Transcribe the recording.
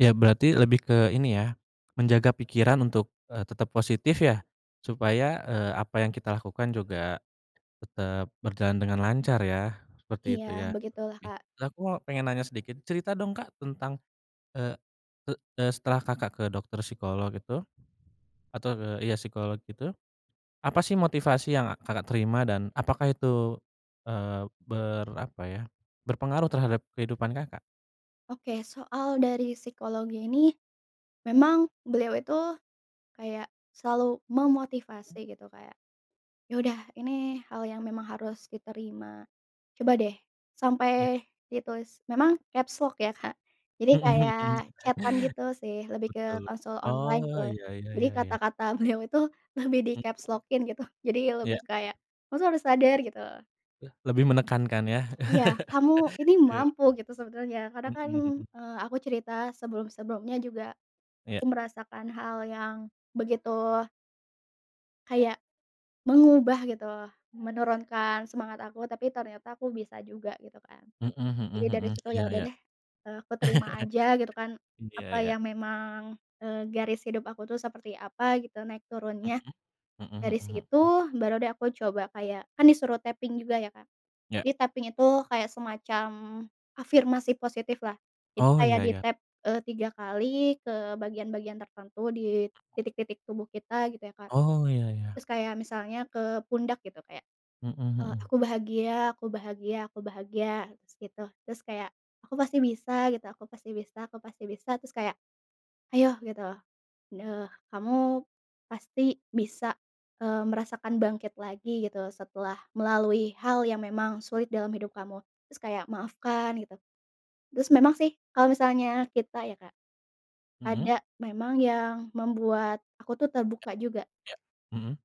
Iya, berarti lebih ke ini ya, menjaga pikiran untuk, eee, tetap positif ya, supaya, eee, apa yang kita lakukan juga tetap berjalan dengan lancar ya, seperti Iya itu ya, begitulah, oke. Kak. Nah aku pengen nanya sedikit, cerita dong, Kak, tentang eee, e e setelah Kakak ke dokter psikolog itu, atur iya, psikolog itu. Apa sih motivasi yang a Kakak terima, dan apakah itu, eee, ber apa ya, berpengaruh terhadap kehidupan Kakak? Oke, soal dari psikologinya ini, memang beliau itu kayak selalu Mhm. memotivasi gitu, kayak, "Ya udah, ini hal yang memang harus diterima, coba deh" Ya. sampai ditulis, memang capslock ya, Kak, jadi Mhm kayak mhm. chat-an gitu sih, lebih ke Betul. konsul online Oh, gitu. iya iya Jadi iya iya. kata-kata beliau itu lebih di Mhm. capslock-in gitu. Jadi Iya. lebih kayak, "Kamu tuh harus sadar!" gitu. Leh lebih menekankan ya. Iya, "Kamu ini Ke mampu gitu, sebenarnya," karena Mhm kan, mhm. eee, aku cerita sebelum-sebelumnya juga Iya. aku merasakan hal yang begitu Kayak mengubah gitu, menurunkan semangat aku, tapi ternyata aku bisa juga gitu kan. Mhm mhm Jadi dari mhm. situ, Iya ya udah iya. deh, eee, aku terima aja gitu kan, Iya apa iya. yang memang, eee, garis hidup aku tuh seperti apa gitu, naik turunnya. Mhm. Mhm Dari mhm situ, mhm. baru deh aku coba kayak kan disuruh taping juga ya, Kak. Ya. Jadi taping itu kayak semacam afirmasi positif lah. Jadi Oh, kayak iya iya. ditap, eee, 3 kali, ke bagian-bagian tertentu di Mhm. titik-titik tubuh kita gitu ya, Kak. Oh, iya iya. Terus kayak misalnya ke pundak gitu, kayak, Mhm eee, mhm. aku bahagia aku bahagia aku bahagia, terus gitu. Terus kayak aku pasti bisa gitu, aku pasti bisa aku pasti bisa, terus kayak, ayo gitu, eee, kamu pasti bisa, eee, merasakan bangkit lagi gitu, setelah melalui hal yang memang sulit dalam hidup kamu, terus kayak maafkan gitu. Terus memang sih, kalau misalnya kita ya, Kak, Mhm. ada memang yang membuat aku tuh Iya terbuka juga. iya, mhm.